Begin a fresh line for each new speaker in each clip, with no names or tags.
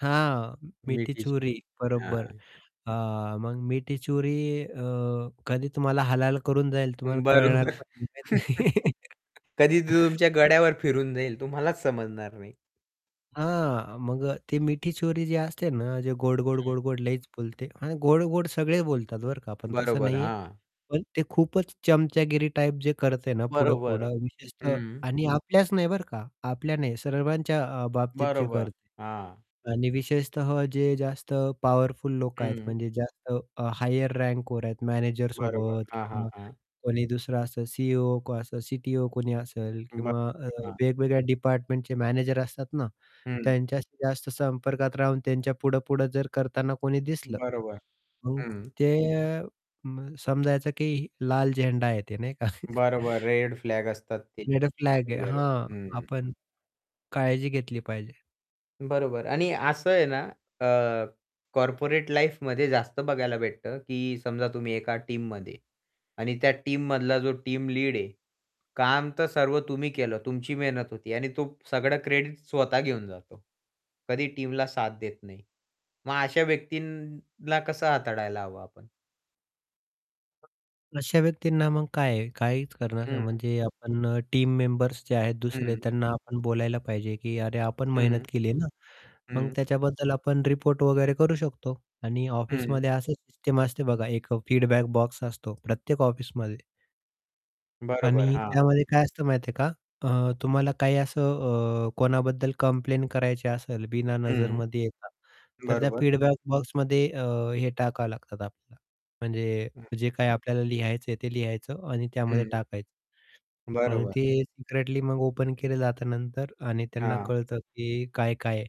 हां, मिठी
मिठी छुरी.
छुरी बरोबर,
हां.
हां, मग मिठी छुरी अ, कधी तुम्हाला हलाल करून जाईल तुम्हाला पण कळणार
बरोबर.
नाही.
कधी तुमच्या गड्यावर फिरून जाईल, तुम्हालाच समजणार नाही.
हां, मग ते मिठी छुरी जी असते ना, जे गोड, गोड,
हं.
गोड, गोड लईच बोलते आणि गोड, गोड सगळे बोलतात बरं का, पण तसं
बरोबर,
नाहीये.
हां.
पण ते खूपच चमचागिरी टाइप जे करते ना, पुढं,
बरोबर,
पुढं. विशेषतः
हं.
आणि आपल्याच नाही बरं का, आपल्या नाही, सर्वांच्या अ, बाबतीत जे
बरोबर,
करते.
हां.
आणि विशेषतः जे जास्त पॉवरफुल लोक आहेत,
हं.
म्हणजे जास्त हायर रँकवर आहेत
बरोबर
मॅनेजरसोबत
हां, हां,
किंवा
हां.
कोणी दुसरा असेल सी-ई-ओ का असा सी-टी-ओ कोणी असेल
बरं,
किंवा अ,
हां.
वेगवेगळ्या डिपार्टमेंटचे मॅनेजर असतात ना,
हं.
त्यांच्याशी जास्त संपर्कात राहून त्यांच्या पुढे, पुढे जर करतांना कोणी दिसलं,
बरोबर,
मग
हं.
ते अ, म समजायचं की लाल झेंडा आहे ते नाही का?
बरोबर रेड फ्लॅग असतात ते
रेड फ्लॅग आहे,
बरोबर
हां.
हं.
आपण काळजी घेतली पाहिजे.
बरोबर आणि असं आहे ना. अ, कॉर्पोरेट लाईफमध्ये जास्त बघायला भेटतं की समजा तुम्ही एका टीममध्ये आणि त्या टीममधला जो टीम लीड आहे, काम तर सर्व तुम्ही केलं, तुमची मेहनत होती. आणि तो सगळं क्रेडिट स्वतः घेऊन जातो. कधी टीमला साथ देत नाही. मग अशा व्यक्तींना कसं हाताळायला हवं आपण
अशा व्यक्तींना मग काय आहे, काहीच करणार
हं.
म्हणजे आपण टीम मेंबर्स जे आहेत दुसरे,
हं.
त्यांना आपण बोलायला पाहिजे, की "अरे! आपण मेहनत
हं.
केली ना, मग
हं.
त्याच्याबद्दल आपण रिपोर्ट वगैरे करू शकतो" आणि
हं.
ऑफिसमध्ये असं सिस्टम असते बघा एक फीडबॅक बॉक्स असतो प्रत्येक ऑफिसमध्ये.
बरोबर,
आणि
हां.
त्यामध्ये काय असतं माहिती आहे का, अ, तुम्हाला काही असं अ, कोणाबद्दल कंप्लेंट करायची असेल बिना
हं.
नजरमध्ये येता तर त्या
बरोबर.
फीडबॅक बॉक्समध्ये अ, हे टाकावे लागतात आपल्याला म्हणजे
हं.
जे काही आपल्याला लिहायचं आहे, ते लिहायचं आणि त्यामध्ये
हं.
टाकायचं. आणि
बरोबर.
ते सिक्रेटली मग ओपन केले जात नंतर आणि त्यांना
हां.
कळतं की काय-काय आहे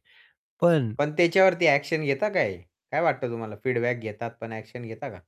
पण
पण त्याच्यावरती ॲक्शन घेता का हे? काय वाटतं तुम्हाला फीडबॅक घेतात पण ॲक्शन घेता का?